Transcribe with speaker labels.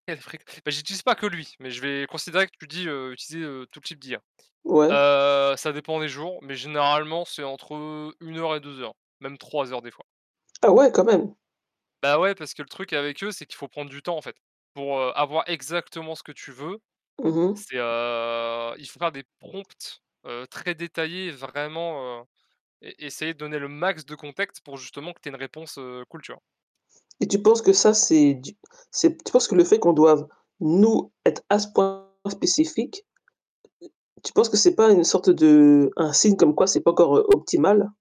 Speaker 1: [unintelligible] Bah, j'utilise pas que lui, mais je vais considérer que tu dis, heu: «Utiliser, heu, tout type d'IA».
Speaker 2: Ouais.
Speaker 1: Heu, ça dépend des jours, mais généralement c'est entre, heu, 1 heure et 2 heures, même 3 heures des fois.
Speaker 2: Ah ouais, quand même.
Speaker 1: Bah, ouais, parce que le truc avec eux, c'est qu'il faut prendre du temps en fait. Pour avoir exactement ce que tu veux,
Speaker 2: Mmh mh.
Speaker 1: c'est, heu, il fera des prompts, heu, très détaillés et vraiment, heu et essayer de donner le max de contextes pour justement que tu aies une réponse, heu, cool tu vois?
Speaker 2: Et tu penses que ça, c'est du c'est tu penses que le fait qu'on doive nous être à ce point spécifique, m tu penses que c'est pas une sorte de un signe comme quoi c'est pas encore heu, optimal?